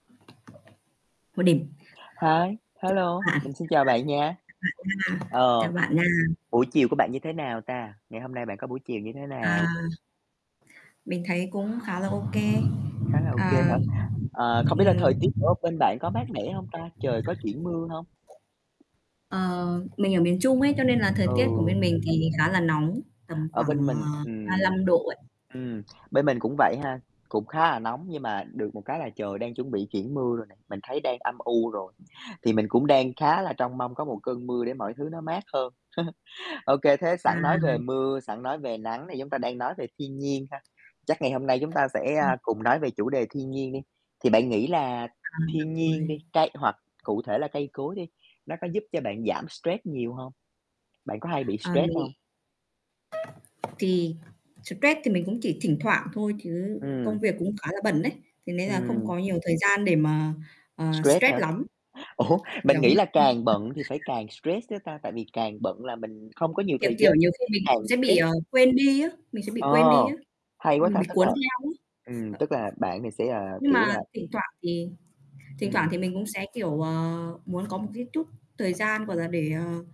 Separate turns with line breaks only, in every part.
[unintelligible]
Hi,
[unintelligible]
hello,
Chào bạn.
mình xin chào bạn nha.
Chào bạn nha.
Ờ,
Chào bạn nha.
buổi chiều của bạn như thế nào ta? Ngày hôm nay bạn có buổi chiều như thế nào?
À. Mình thấy cũng khá là ô kê.
Khá là ô kê hả?
Ờ.
Ờ, không biết là
Ừm.
thời tiết ở bên bạn có mát mẻ hông ta? Trời có chuyển mưa hông?
Ờ, mình ở miền Trung ấy cho nên là thời tiết của
Ừ.
bên mình thì khá là nóng tầm
Ở
khoảng,
bên mình
ờ, ba
ừm,
lăm độ ấy.
ừm, bên mình cũng vậy ha, cũng khá là nóng nhưng mà được một cái là trời đang chuẩn bị chuyển mưa rồi nè, mình thấy đang âm u rồi, thì mình cũng đang khá là trông mong có một cơn mưa để mọi thứ nó mát hơn. Ô kê, thế
À.
sẵn nói về mưa, sẵn nói về nắng thì chúng ta đang nói về thiên nhiên ha, chắc ngày hôm nay chúng ta sẽ,
Ừm.
a, cùng nói về chủ đề thiên nhiên đi, thì bạn nghĩ là
À, được
thiên nhiên
rồi.
đi, cây hoặc cụ thể là cây cối đi, nó có giúp cho bạn giảm stress nhiều hông? Bạn có hay bị
À,
stress
mình nghĩ
không?
Thì stress thì mình cũng chỉ thỉnh thoảng thôi chứ công
Ừm.
việc cũng khá là bận đấy, thế nên là không
Ừm.
có nhiều thời gian để mà, ờ,
Stress
stress
hả?
lắm.
Ủa,
[unintelligible]
mình nghĩ là càng bận thì phải càng stress chứ ta, tại vì càng bận là mình không có nhiều
Kiểu
thời
kiểu,
gian
nhiều khi
nên
mình
càng
cũng sẽ bị,
stress.
ờ, quên đi á, mình sẽ bị
Ờ,
quên đi á,
hay quá
mình
ta,
bị
tức
cuốn
là
theo á.
ừm, tức là bạn thì sẽ, à,
Nhưng
kiểu
mà
là
thỉnh thoảng thì thỉnh thoảng
Ừm.
thì mình cũng sẽ, kiểu, ờ, muốn có một cái chút thời gian, gọi là, để, ờ,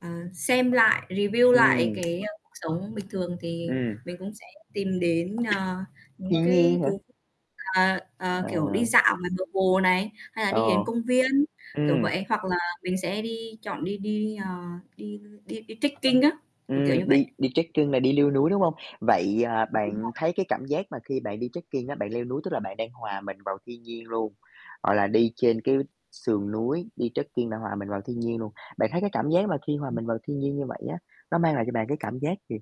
ờ, xem lại, review lại
Ừm.
cái cuộc sống bình thường thì
Ừm.
mình cũng sẽ tìm đến, ờ, những
Thiên
cái
nhiên hả?
thú, ờ,
Ờ.
ờ, kiểu, đi dạo ngoài bờ hồ này, hay là
Ờ.
đi đến công viên, kiểu
Ừm.
vậy, hoặc là mình sẽ đi chọn đi đi, ờ, đi đi đi trekking á, kiểu, kiểu,
Ừm,
như vậy.
đi đi trekking là đi leo núi, đúng hông? Vậy, à,
Ừm, đúng
bạn thấy
rồi.
cái cảm giác mà khi bạn đi trekking á, bạn leo núi tức là bạn đang hòa mình vào thiên nhiên luôn, hoặc là đi trên cái sườn núi, đi trekking là hòa mình vào thiên nhiên luôn. Bạn thấy cái cảm giác mà khi hòa
Ừm.
mình vào thiên nhiên như vậy á, nó mang lại cho bạn cái cảm giác gì?